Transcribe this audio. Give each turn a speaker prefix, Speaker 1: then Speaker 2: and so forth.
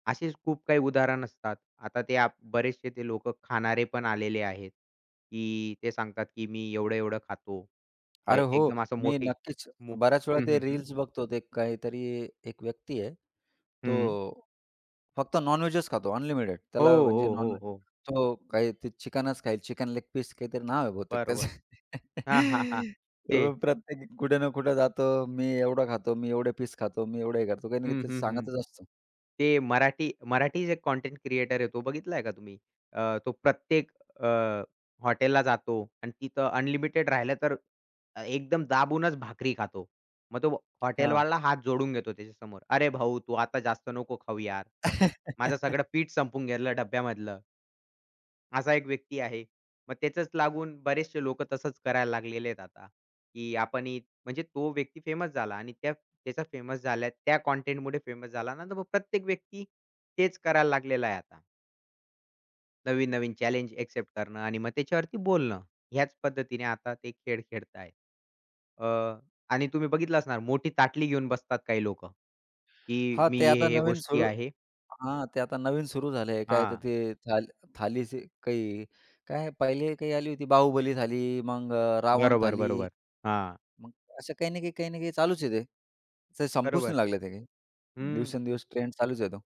Speaker 1: असेच खूप काही उदाहरण असतात. आता ते आप बरेचसे जे लोकं खाणारे पण आलेले आहेत, की ते सांगतात की मी एवढं-एवढं खातो. अ,
Speaker 2: अरे, हो.
Speaker 1: एकदम असं
Speaker 2: मी
Speaker 1: मोठे
Speaker 2: नक्कीच
Speaker 1: मो
Speaker 2: बऱ्याच वेळा
Speaker 1: हं,
Speaker 2: ते
Speaker 1: हं, हं.
Speaker 2: रील्स बघतो ते काहीतरी एक व्यक्ती आहे,
Speaker 1: हं.
Speaker 2: तो फक्त नॉनव्हेजचं खातो अनलिमिटेड,
Speaker 1: हो,
Speaker 2: त्याला म्हणजे
Speaker 1: हो, हो,
Speaker 2: नॉनव्हेज
Speaker 1: हो.
Speaker 2: तो काही ते चिकनच खाईल, चिकन लेग पीस काहीतरी नाव आहे बहुतेक त्याचं,
Speaker 1: बरोबर. हां, हां, हां, ते
Speaker 2: तो प्रत्येक कुठे ना कुठं जातो. मी एवढं खातो, मी एवढे पीस खातो, मी एवढं हे करतो, काही ना काही
Speaker 1: हं,
Speaker 2: ते
Speaker 1: हं, हं.
Speaker 2: सांगतच असतो.
Speaker 1: ते मराठी मराठी जे कंटेंट क्रिएटर आहे तो बघितलंय का तुम्ही? अ, तो प्रत्येक अ, हॉटेलला जातो आणि तिथं अनलिमिटेड राहिलं, तर एकदम दाबूनच भाकरी खातो. मग तो
Speaker 2: हां.
Speaker 1: हॉटेलवाला हात जोडून घेतो त्याच्यासमोर, "अरे, भाऊ तू आता जास्त नको खाऊ यार. माझं सगळं पीठ संपून गेलं डब्ब्यामधलं." असा एक व्यक्ती आहे. मग त्याचच लागून बरेचसे लोकं तसच करायला लागलेले आहेत आता, की आपण ही म्हणजे तो व्यक्ती फेमस झाला आणि त्या त्याचा फेमस झाल्या त्या कंटेंटमुळे फेमस झाला ना, तर मग प्रत्येक व्यक्ती, तेच करायला लागलेला आहे आता. नवीन-नवीन चॅलेंज अ‍ॅक्सेप्ट करणं आणि मग त्याच्यावरती बोलणं, ह्याच पद्धतीने आता ते खेळ खेळतायेत. अ, आणि तुम्ही बघितलं असणार मोठी ताटली घेऊन बसतात काही लोकं, की
Speaker 2: हां,
Speaker 1: "मी
Speaker 2: ते
Speaker 1: हे,
Speaker 2: आता
Speaker 1: हे
Speaker 2: नवीन
Speaker 1: गोष्टी
Speaker 2: सुरू
Speaker 1: आहे."
Speaker 2: हां, ते आता नवीन सुरू झालं आहे, काय तर
Speaker 1: हां.
Speaker 2: ते थाल थालीचे काही काय पहिले काही आली होती बाहुबली, थाली मग अ, रावण
Speaker 1: बरोबर,
Speaker 2: थाली,
Speaker 1: बरोबर. हां.
Speaker 2: मग असं काही ना काही, काही ना काही चालूच आहे, ते तर संपूच
Speaker 1: बरोबर.
Speaker 2: नाही लागले ते काही.
Speaker 1: हं.
Speaker 2: दिवसेंदिवस ट्रेंड चालूच आहे तो.